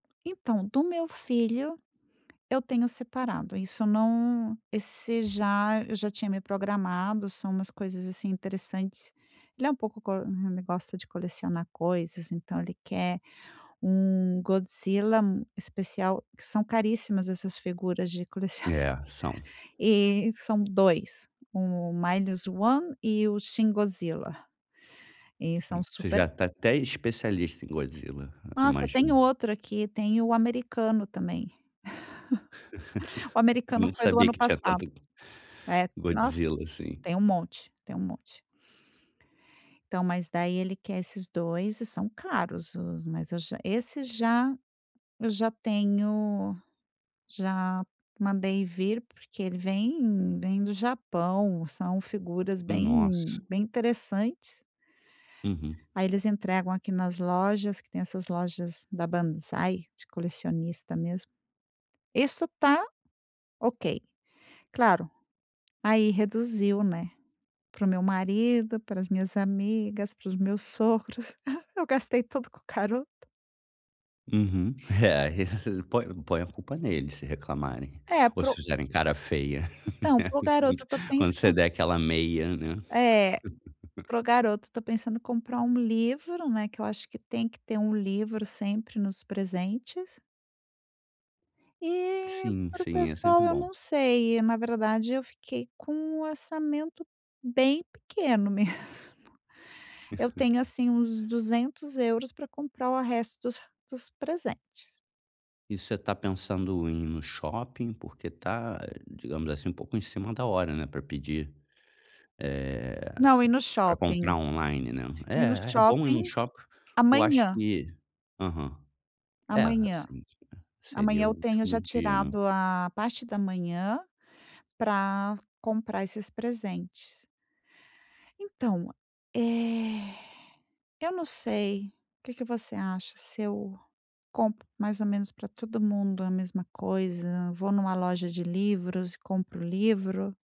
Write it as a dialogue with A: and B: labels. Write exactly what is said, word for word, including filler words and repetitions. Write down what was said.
A: Então do meu filho eu tenho separado, isso não esse já eu já tinha me programado. São umas coisas assim interessantes. Ele é um pouco ele gosta de colecionar coisas, então, ele quer um Godzilla especial que são caríssimas, essas figuras de colecionáveis
B: É, são.
A: e são Dois: "O Minus one" e o "Shingozila" e
B: Hum,
A: são
B: você
A: super
B: já
A: ca
B: está até especialista em Godzilla,
A: Nossa! Tem
B: imagino.
A: outro aqui tem o americano também, o americano
B: Não
A: foi do
B: sabia
A: ano
B: que tinha
A: passado.
B: tanto
A: É, nossa,
B: Godzilla assim.
A: tem um monte tem um monte. Então, mas, daí, ele quer esses Dois e são caros os mas eu já esse já eu já tenho, já mandei, vir porque ele vem vem do Japão são figuras
B: Nossa!
A: bem bem interessantes.
B: Uhum.
A: Aí, eles entregam aqui nas lojas que tem essas lojas da Bansai de colecionista mesmo. Isso tá ok, claro, aí, reduziu, né, para o meu marido, pras minhas amigas, para os meus sogros. Eu gastei tudo com o garoto.
B: Uhum. É, aí, põe põe a culpa nele se reclamarem
A: É,
B: ou
A: para
B: se
A: o
B: fizerem cara feia,
A: então
B: né,
A: para o garoto eu estou
B: quando você
A: pensando
B: der aquela meia, né.
A: É, para o garoto eu estou pensando comprar um livro, né, que eu acho que tem que ter um livro sempre nos presentes. E,
B: Sim,
A: para o
B: sim, é sempre
A: pessoal eu
B: bom.
A: não sei, na verdade eu fiquei com o orçamento bem pequeno mesmo. Eu tenho assim uns Duzentos euros pra comprar o resto dos dos presentes.
B: E você está pensando em ir no shopping? Porque tá, digamos assim, um pouco em cima da hora, né, pra pedir, eh,
A: Não, ir no
B: pra
A: shopping
B: comprar online, né.
A: ir no
B: É, é bom ir num
A: shopping
B: shopping porque eu acho
A: amanhã.
B: que aham. É,
A: Amanhã.
B: assim,
A: Amanhã
B: seria o
A: eu tenho
B: último
A: já
B: dia, né.
A: tirado a parte da manhã pra comprar esses presentes. Então, eh, eu não sei o que que você acha? Se eu compro, mais ou menos, pra todo mundo a mesma coisa, vou numa loja de livros e compro livro?